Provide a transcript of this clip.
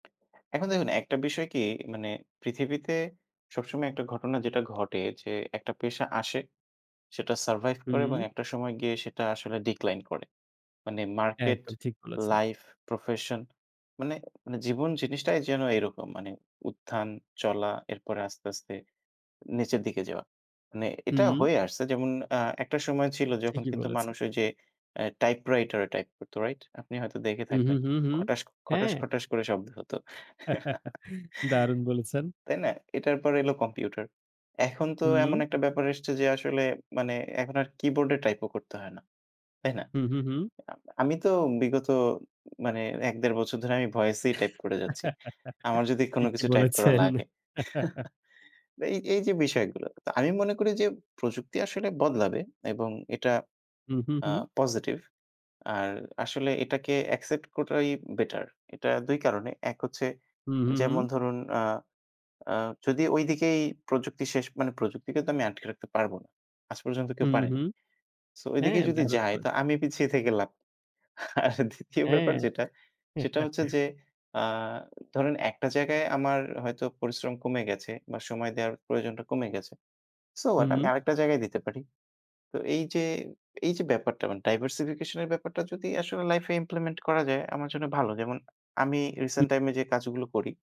এখন দেখুন একটা বিষয় কি, মানে পৃথিবীতে সবসময় একটা ঘটনা যেটা ঘটে যে, একটা পেশা আসে, সেটা সারভাইভ করে এবং হুম। একটা সময় গিয়ে সেটা আসলে ডিক্লাইন করে। মানে মার্কেট, একদম ঠিক বলেছেন। লাইফ, প্রফেশন মানে মানে জীবন জিনিসটাই যেন এরকম মানে উত্থান, চলা, এরপরে আস্তে, আস্তে নিচের দিকে যাওয়া। মানে এটা হুম। হয়ে আসছে। যেমন অ্যা একটা সময় ছিল যখন ঠিকই কিন্তু বলেছেন। মানুষ ওইযে অ্যা টাইপ রাইটার এ টাইপ করতো করত, রাইট? আপনি হয়তো দেখে হুম, হুম, থাকবেন, হুম, হুম। খটাস, খটাস, হ্যাঁ। খটাস করে শব্দ হতো। দারুন বলেছেন। তাই না? এটার পরে এলো কম্পিউটার। এখন তো এমন হুম। একটা ব্যাপার এসেছে যে, আসলে মানে এখন আর কিবোর্ড এ টাইপ ও করতে হয় না, তাই না? হুম, হুম, হুম। আ আমি তো বিগত মানে ১-১.৫ বছর ধরে আমি ভয়েসই টাইপ করে যাচ্ছি, আমার যদি কোনো ঠিকই কিছু টাইপকরা বলেছেন। লাগে। এই এইযে বিষয়গুলো। তো আমি মনে করি যে, প্রযুক্তি আসলে বদলাবে এবং এটা হুম, হুম, আ হুম। পজিটিভ। আর আসলে এটাকে এক্সেপ্ট করাই বেটার। এটা ২ কারণে। ১ হচ্ছে হুম, হুম, হুম। যেমন ধরুন আ আ যদি ওই দিকেই প্রযুক্তি শেষ, মানে প্রযুক্তিকে তো আমি আটকে রাখতে পারব না। আজ পর্যন্ত কেউ হুম, পারেনি। হুম। সো ওই দিকে হ্যাঁ, যদি দারুন যায় বলেছ তো আমি পিছিয়ে থেকে লাভ নেই। আর ২য় ব্যাপার হ্যাঁ। যেটা সেটা হচ্ছে যে। আ ধরেন একটা জায়গায় আমার হয়তো পরিশ্রম কমে গেছে বা সময় দেওয়ার প্রয়োজনটা কমে গেছে। So what? আমি হুম। আরেকটা জায়গায় দিতে পারি। তো এইযে এইযে ব্যাপারটা মানে ডাইভারসিফিকেশন এর ব্যাপারটা যদি আসলে লাইফ এ ইমপ্লিমেন্ট করা যায় আমার জন্য ভালো। যেমন আমি উ রিসেন্ট টাইমে যে, কাজগুলো করি